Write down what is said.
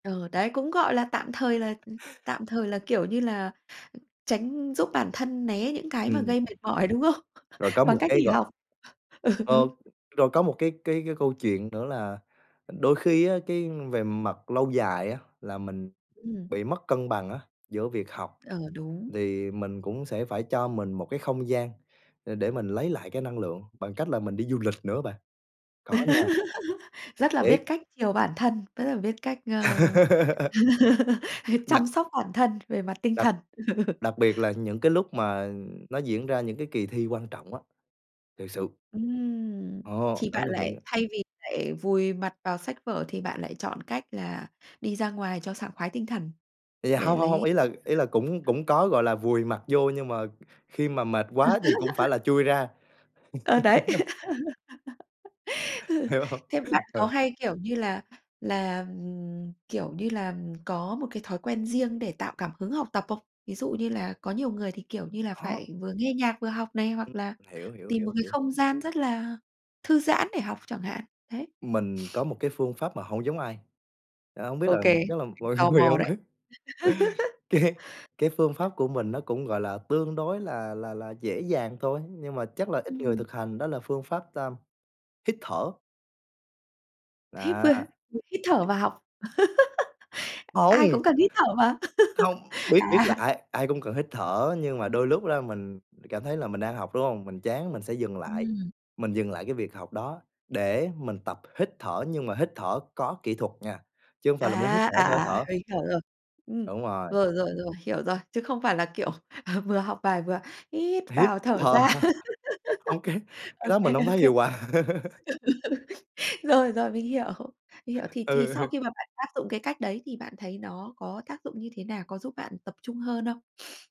Ờ, đấy, cũng, gọi là, tạm thời là tạm thời là, kiểu như là, tránh giúp bản thân né những cái mà Ừm. gây mệt mỏi, đúng không? Rồi có Bằng một cách cái nghỉ gọi học. Ừ, ừ. Ờ, rồi có một cái cái cái câu chuyện nữa là đôi khi á, cái về mặt lâu dài á là mình Ừm. bị mất cân bằng á giữa việc học, Ờ, đúng. thì mình cũng sẽ phải cho mình một cái không gian để để mình lấy lại cái năng lượng, bằng cách là mình đi du lịch nữa bạn. Có nha. Rất là biết Thiệt. cách chiều bản thân, rất là biết cách, ơ, Đặc chăm sóc bản thân về mặt tinh Đặc thần. đặc biệt là những cái lúc mà nó diễn ra những cái kỳ thi quan trọng á, thiệt sự. Ừm, Ồ, chị đó bạn là những lại thay vì lại vùi mặt vào sách vở, thì bạn lại chọn cách là đi ra ngoài cho sảng khoái tinh thần Yeah để hông, hông, hông, lấy ý là ý là cũng [unintelligible] cũng có, gọi là, vùi mặt vô, nhưng mà khi mà mệt quá thì cũng phải là chui ra. Ờ, đấy. Hiểu hông? Thế bạn có Ừ. hay, kiểu như là là ừm, kiểu như là có một cái thói quen riêng, để tạo cảm hứng học tập không? Ví dụ như là có nhiều người thì, kiểu như là, Khó. phải vừa nghe nhạc vừa học này, Ừm, hoặc là hiểu, hiểu, tìm một hiểu, cái hiểu. không gian rất là thư giãn để học chẳng hạn, đấy. Mình có một cái phương pháp mà hông giống ai, à, hông biết Ô là kê, chắc là mình mọi tò người mò không đấy. á Cái cái phương pháp của mình nó cũng, gọi là, tương đối là là là dễ dàng thôi, nhưng mà chắc là ít người Ừm. thực hành đó là phương pháp tam hít thở. Thít Đó. vơ hít thở Hít và học. Ai Hông. cũng cần hít thở mà, Hông, biết biết là à. ai ai cũng cần hít thở, nhưng mà Ừm. đôi lúc ra mình cảm thấy là mình đang học, đúng hông? Mình chán mình sẽ dừng lại Ừm. mình dừng lại cái việc học đó để mình tập hít thở, nhưng mà hít thở có kỹ thuật nha, chứ hông phải là muốn hít À, thở à, sao hít à, thở. mình hiểu rồi. Ừm, Đúng rồi. rồi, rồi, rồi, hiểu rồi, chứ không phải là, kiểu, vừa học bài vừa hít Hít vào thở À. ra. Ô kê, cái Ô đó kê, mình ô không thấy kê. hiệu quả. Rồi, rồi, mình hiểu, mình hiểu. Thì thì Ừ sau hừ. khi mà bạn áp dụng cái cách đấy, thì bạn thấy nó có tác dụng như thế nào? Có giúp bạn tập trung hơn không?